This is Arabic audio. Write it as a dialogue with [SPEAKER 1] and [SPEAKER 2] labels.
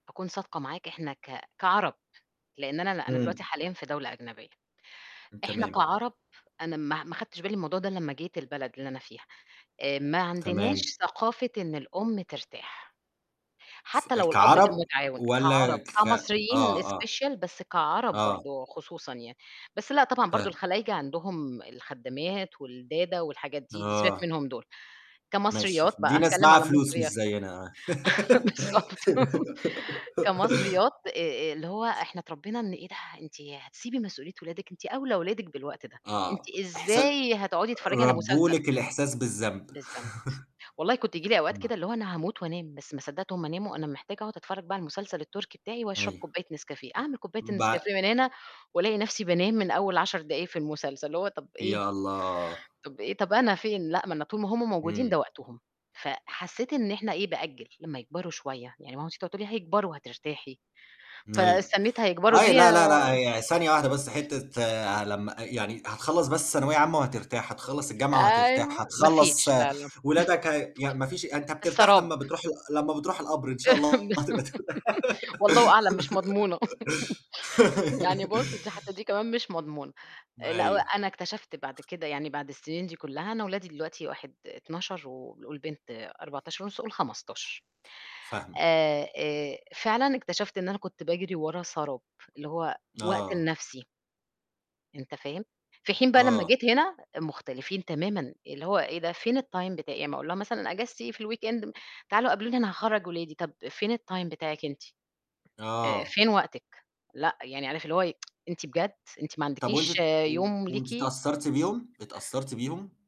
[SPEAKER 1] هاكون صادقة معاك إحنا ك كعرب، لإن أنا لأ، أنا
[SPEAKER 2] إمم.
[SPEAKER 1] دلوقتي حاليًا في دولة أجنبية، إحنا
[SPEAKER 2] تمام.
[SPEAKER 1] كعرب أنا ما ه ما خَدتش بالي من الموضوع ده الّا أمّا جيت البلد اللي أنا فيها، آآ ما عندناش
[SPEAKER 2] تمام.
[SPEAKER 1] ثقافة إن الأم ترتاح،
[SPEAKER 2] س
[SPEAKER 1] حتّى لو الأب كان
[SPEAKER 2] كعرب
[SPEAKER 1] مُتعاون كعرب،
[SPEAKER 2] والّا ك
[SPEAKER 1] كمصريين
[SPEAKER 2] آه، آه.
[SPEAKER 1] special بس كعرب
[SPEAKER 2] آه.
[SPEAKER 1] برضه وخصوصًا يعني، بس لأ طبعًا برضه
[SPEAKER 2] فاهمِك.
[SPEAKER 1] الخلايجة عندهم الخدّامات والدادا والحاجات دي، دي سيبك
[SPEAKER 2] آه.
[SPEAKER 1] منهم دُول،
[SPEAKER 2] ماشي
[SPEAKER 1] كمصريات
[SPEAKER 2] ش
[SPEAKER 1] بقى
[SPEAKER 2] دي ناس
[SPEAKER 1] هاتكلّم
[SPEAKER 2] معاها
[SPEAKER 1] على
[SPEAKER 2] فلوس مش
[SPEAKER 1] المصريا
[SPEAKER 2] زيّنا.
[SPEAKER 1] بالضبط كمصريات آآ آآ اللي هو إحنا اتربينا إن إيه ده! أنتِ هتسيبي مسؤولية ولادِك أنتِ أوْلى ولادِك بالوقت ده، أنتِ
[SPEAKER 2] آه، أحسا
[SPEAKER 1] إزاي هتقعُدي تتفرّجي على
[SPEAKER 2] ربّوا
[SPEAKER 1] مسلسل؟!
[SPEAKER 2] لِك الإحساس بالذنب.
[SPEAKER 1] بالضبط، والله كنت ييجي لي أوقات
[SPEAKER 2] تمام.
[SPEAKER 1] كده اللي هو أنا هاموت وأنام، بس ما صدّقت هُم ناموا أنا محتاجة أقعُد أتفرّج بقى على المسلسل التركي بتاعي وأشرب
[SPEAKER 2] أيوه.
[SPEAKER 1] كوباية نسكافيه، أعمل كوباية
[SPEAKER 2] بع
[SPEAKER 1] النسكافيه من هنا وألاقي نَفْسي بانام من أول 10 دقايق في المسلسل، اللي هو طَب إيه؟!
[SPEAKER 2] يا الله!
[SPEAKER 1] طَب إيه، طَب أنا فين، لأ، ما أنا طول ما هُم موجودين ده
[SPEAKER 2] إمم.
[SPEAKER 1] وقتهم، فحسّيت إن إحنا إيه بأجّل لمّا يكبروا شوية يعني ماما تيج تقعد تقول لي "هيكبروا وهترتاحي"
[SPEAKER 2] أيوه.
[SPEAKER 1] فاستنّيت هيكبروا دي
[SPEAKER 2] أيوه، لا، لا، لأ هي ثانية واحدة بس حتّة ع لمّا أ يعني هتخلّص بس ثانوية عامة وهترتاح، هتخلّص الجامعة
[SPEAKER 1] أيوه،
[SPEAKER 2] وهترتاح،
[SPEAKER 1] ما
[SPEAKER 2] هتخلّص
[SPEAKER 1] فيش لا، لا
[SPEAKER 2] ولادك هي يعني ما فيش يعني أنت بترتاح
[SPEAKER 1] السراب.
[SPEAKER 2] لمّا بتروح ال لمّا بتروح القَبر إن شاء الله هتبقى ت
[SPEAKER 1] والله أعلم مش مضمونة، يعني بُصّ دي حتّى دي كمان مش مضمونة،
[SPEAKER 2] ما
[SPEAKER 1] لأ
[SPEAKER 2] أيوه.
[SPEAKER 1] وأنا اكتشفت بعد كده يعني بعد السِنين دي كلّها أنا ولادي دلوقتي واحد 12 وال والبنت 14.5 قل 15،
[SPEAKER 2] فاهمِك.
[SPEAKER 1] آآ آآ فعلًا اكتشفت إن أنا كنت باجري ورا سراب، اللي هو وقت
[SPEAKER 2] آه.
[SPEAKER 1] لنَفْسي. أنت فاهم، في حين بقى لمّا
[SPEAKER 2] آه.
[SPEAKER 1] جيت هنا مختلفين تمامًا، اللي هو إيه ده فين الTime بتاعي، يعني أمّا أقول لها مثلًا إجازتي إيه في الweekend م تعالوا قابلوني أنا هاخرّج ولادي، طَب فين الTime بتاعِك أنتِ؟ آآ
[SPEAKER 2] آه.
[SPEAKER 1] فين وقتِك؟ لأ، يعني عارف اللي هو إيه، أنتِ بجد! أنتِ ما
[SPEAKER 2] طَب وأنتِ
[SPEAKER 1] عندكيش
[SPEAKER 2] ت و
[SPEAKER 1] يوم
[SPEAKER 2] وأنتِ
[SPEAKER 1] ليكِ؟
[SPEAKER 2] أتأثرتِ بيهم؟ أتأثرتِ بيهم؟